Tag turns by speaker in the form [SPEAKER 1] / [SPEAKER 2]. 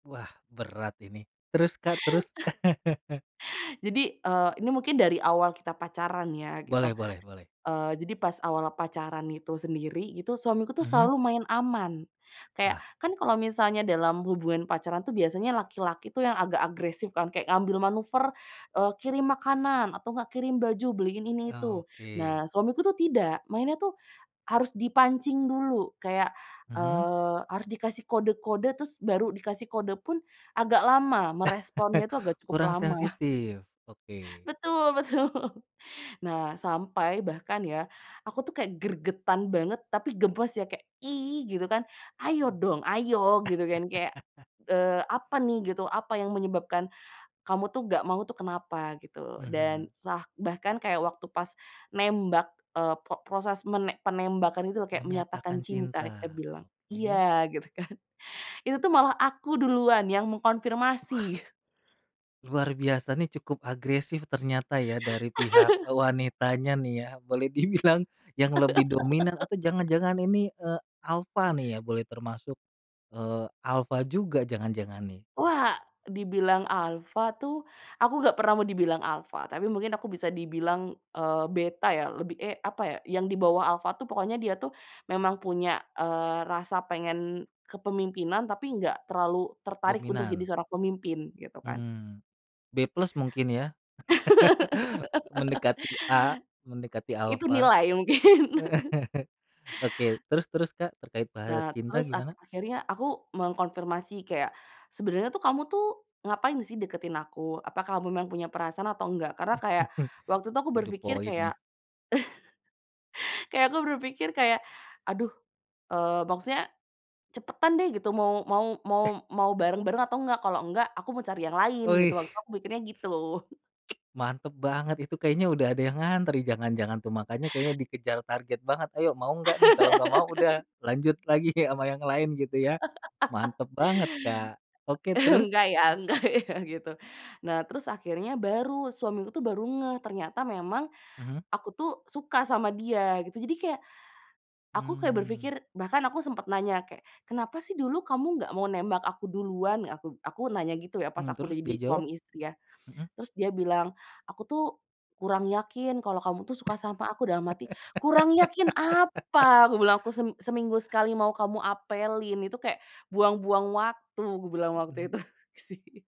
[SPEAKER 1] Wah, berat ini. Terus, Kak, terus?
[SPEAKER 2] Jadi, eee, ini mungkin dari awal kita pacaran ya, gitu.
[SPEAKER 1] Boleh boleh boleh.
[SPEAKER 2] Eee, jadi pas awal pacaran itu sendiri gitu, suamiku tuh
[SPEAKER 1] Mhm.
[SPEAKER 2] selalu main aman. Kayak,
[SPEAKER 1] Wah.
[SPEAKER 2] kan kalau misalnya dalam hubungan pacaran tuh biasanya laki-laki tuh yang agak agresif kan, kayak ngambil manuver, eee, kirim makanan, atau nggak kirim baju, beliin ini, itu.
[SPEAKER 1] Oke.
[SPEAKER 2] Nah, suamiku tuh tidak, mainnya tuh harus dipancing dulu. Kayak,
[SPEAKER 1] Mhm.
[SPEAKER 2] eee, harus dikasih kode-kode terus baru dikasih kode pun agak lama, meresponnya tuh agak cukup
[SPEAKER 1] Kurang
[SPEAKER 2] lama.
[SPEAKER 1] sensitif. Oke.
[SPEAKER 2] Betul betul. Nah, sampai bahkan ya, aku tuh kayak gregetan banget tapi gemes ya kayak, "ih!" Gitu kan. "Ayo dong, ayo!" Gitu, kan. Kayak, eee, apa nih, gitu, apa yang menyebabkan kamu tuh nggak mau tuh, kenapa, gitu. Dan,
[SPEAKER 1] Mhm.
[SPEAKER 2] sa bahkan kayak waktu pas nembak, eee, po proses menem penembakan itu loh, kayak menyatakan
[SPEAKER 1] Menyatakan
[SPEAKER 2] cinta, kita
[SPEAKER 1] cinta,
[SPEAKER 2] bilang,
[SPEAKER 1] oke.
[SPEAKER 2] iya, gitu kan, itu tuh malah aku duluan yang
[SPEAKER 1] Wah!
[SPEAKER 2] mengkonfirmasi.
[SPEAKER 1] Luar biasa, nih, cukup agresif ternyata, ya, dari pihak e wanitanya nih ya, boleh dibilang yang lebih dominan, atau jangan-jangan ini, eee, alfa nih ya, boleh termasuk, eee, alfa juga jangan-jangan, nih?
[SPEAKER 2] Wah! Dibilang alfa tuh aku nggak pernah mau dibilang alfa, tapi mungkin aku bisa dibilang, eee, beta ya, lebih, e apa ya, yang di bawah alfa tuh. Pokoknya dia tuh memang punya, eee, rasa pengen kepemimpinan, tapi nggak terlalu tertarik untuk jadi
[SPEAKER 1] Dominan.
[SPEAKER 2] seorang pemimpin, gitu kan.
[SPEAKER 1] Hmm. B+ mungkin, ya? Mendekati A, mendekati
[SPEAKER 2] I itu
[SPEAKER 1] alfa.
[SPEAKER 2] nilai, mungkin.
[SPEAKER 1] Oke, terus terus Kak, terkait bahasa
[SPEAKER 2] Nah,
[SPEAKER 1] cinta,
[SPEAKER 2] terus ak
[SPEAKER 1] gimana?
[SPEAKER 2] akhirnya aku mengkonfirmasi kayak, "Sebenernya tuh kamu ngapain sih deketin aku? Apakah kamu memang punya perasaan atau enggak?" Karena kayak, waktu itu aku
[SPEAKER 1] To the
[SPEAKER 2] berpikir
[SPEAKER 1] point,
[SPEAKER 2] kayak
[SPEAKER 1] nih.
[SPEAKER 2] kayak aku berpikir kayak aduh, eee, maksudnya cepetan deh gitu, mau mau mau
[SPEAKER 1] Eh!
[SPEAKER 2] mau bareng-bareng atau enggak? Kalau enggak aku mau cari yang lain, gitu.
[SPEAKER 1] Wih.
[SPEAKER 2] Waktu itu aku pikirnya gitu.
[SPEAKER 1] Mantep banget itu, kayaknya udah ada yang ngantri jangan-jangan, tuh. Makanya kayaknya dikejar target banget, "Ayo, mau enggak nih?" Kalau enggak mau udah, lanjut lagi sama yang lain, gitu, ya? Mantep banget, Kak. Oke, terus?
[SPEAKER 2] Enggak ya enggak ya, gitu. Nah, terus akhirnya baru, suami aku tuh baru ngeh, ternyata memang
[SPEAKER 1] Mhm.
[SPEAKER 2] aku tuh suka sama dia, gitu. Jadi, kayak aku kayak
[SPEAKER 1] Hmm.
[SPEAKER 2] berpikir bahkan aku sempet nanya kayak "Kenapa sih dulu kamu nggak mau nembak aku duluan?" Aku aku nanya gitu ya pas
[SPEAKER 1] Hmm,
[SPEAKER 2] aku
[SPEAKER 1] terus dia
[SPEAKER 2] jadi
[SPEAKER 1] jawab?
[SPEAKER 2] suami istri, ya.
[SPEAKER 1] Mhm.
[SPEAKER 2] Terus dia bilang, "Aku tuh kurang yakin, kalau kamu tuh suka sama aku." Dalam hati, "Kurang yakin apa?" Aku bilang. "Aku sem seminggu sekali mau kamu apelin, itu kayak buang-buang waktu." Aku bilang waktu
[SPEAKER 1] Mhm.
[SPEAKER 2] itu, gitu, sih.